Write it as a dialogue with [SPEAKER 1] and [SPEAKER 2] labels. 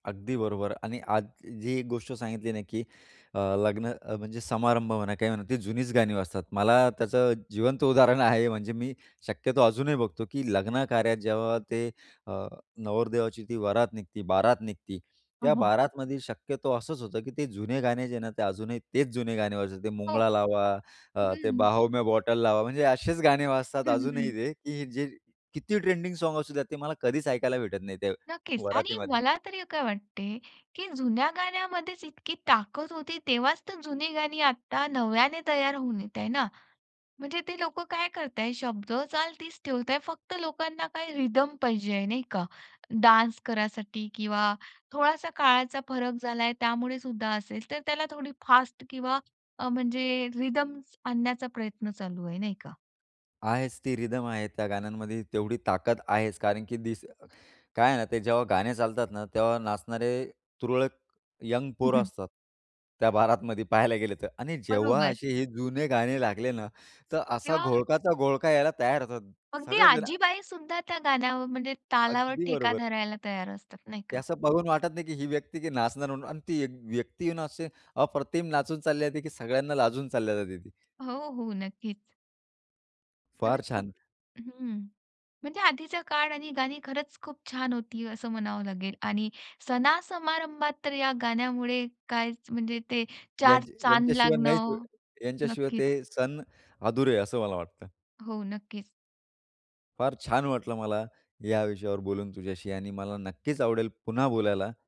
[SPEAKER 1] अगदी बरोबर आणि आज जी एक गोष्ट सांगितली ना, की अ, लग्न अ, म्हणजे समारंभ म्हणा, काही म्हणा, ती जुनीच गाणी वाजतात. मला त्याचं जिवंत उदाहरण आहे, म्हणजे मी शक्यतो अजूनही बघतो की लग्नकार्यात जेव्हा ते अ, नवरदेवाची ती वरात निघते. बारात निघते,
[SPEAKER 2] हां,
[SPEAKER 1] त्या
[SPEAKER 2] हां.
[SPEAKER 1] बारातमध्ये शक्यतो असंच होतं की ते जुने गाणे जे ना ते अजूनही तेच जुने गाणे वाजतात. ते
[SPEAKER 2] हो.
[SPEAKER 1] मुंगळा लावा, अ, ते
[SPEAKER 2] हम्म.
[SPEAKER 1] बाहों मे बॉटल लावा, म्हणजे असेच गाणे वाजतात
[SPEAKER 2] हं,
[SPEAKER 1] अजूनही
[SPEAKER 2] हं.
[SPEAKER 1] ते, की जे किती ट्रेंडिंग साँग्स असू दे, ते मला कधीच ऐकायला भेटत नाही त्या
[SPEAKER 2] नक्कीच आणि
[SPEAKER 1] वरातीमध्ये.
[SPEAKER 2] मला तरी काय वाटते की, जुन्या गाण्यामध्येच इतकी ताकद होती. तेव्हाच तर जुनी गाणी आता नव्याने तयार होऊन येत आहेत ना. म्हणजे ते लोक काय करत आहे? शब्द ,चाल तीच ठेवत आहे. फक्त लोकांना काय रिदम पाहिजे, नाही का? डान्स करायसाठी किंवा थोडासा काळाचा फरक झाला आहे त्यामुळे सुद्धा असेल. तर त्याला थोडी फास्ट किंवा अ, म्हणजे रिदम आणण्याचा प्रयत्न चालू आहे नाही का?"
[SPEAKER 1] आहेच ती रिदम आहे त्या गाण्यांमध्ये. तेवढी ताकद आहेच. कारण की तीच काय आहे ना, ते जेव्हा गाणे चालतात ना तेव्हा नाचणारे तुरळक यंग
[SPEAKER 2] हं,
[SPEAKER 1] पोरं
[SPEAKER 2] हं.
[SPEAKER 1] असतात त्या बारातमध्ये पाहायला गेलं तर आणि जेव्हा
[SPEAKER 2] बरोबर.
[SPEAKER 1] असे हे जुने गाणे लागले ना, तर असा
[SPEAKER 2] तेव्हा
[SPEAKER 1] घोळकाचा घोळका यायला तयार होतात.
[SPEAKER 2] अगदी
[SPEAKER 1] सगळेच जणं
[SPEAKER 2] आजीबाईसुद्धा त्या गाण्यावर म्हणजे तालावर
[SPEAKER 1] अगदी
[SPEAKER 2] ठेका
[SPEAKER 1] बरोबर.
[SPEAKER 2] धरायला तयार असतात, नाही
[SPEAKER 1] ते
[SPEAKER 2] का?
[SPEAKER 1] असं बघून वाटत नाही की ही व्यक्ती की नाचणार म्हणून आणि ती एक व्यक्ती येऊन असे अप्रतिम नाचून चालली जाते की सगळ्यांना लाजून चालली जाते ती.
[SPEAKER 2] हो, हो, नक्कीच.
[SPEAKER 1] फार
[SPEAKER 2] खरंच खूप
[SPEAKER 1] छान.
[SPEAKER 2] हं, म्हणजे आधीच्या काळ आणि गाणी खरंच खूप छान होती असं म्हणावं लागेल आणि सणा-समारंभात तर या गाण्यामुळे काय म्हणजे ते 4
[SPEAKER 1] यांच्या
[SPEAKER 2] चांद
[SPEAKER 1] यांच्याशिवाय नाहीत
[SPEAKER 2] लागणं
[SPEAKER 1] यांच्याशिवाय
[SPEAKER 2] नक्कीच.
[SPEAKER 1] ते सण अधुरे आहे असं मला वाटतं.
[SPEAKER 2] हो, नक्कीच.
[SPEAKER 1] फार छान वाटलं मला ह्या विषयावर बोलून तुझ्याशी आणि मला नक्कीच आवडेल पुन्हा बोलायला.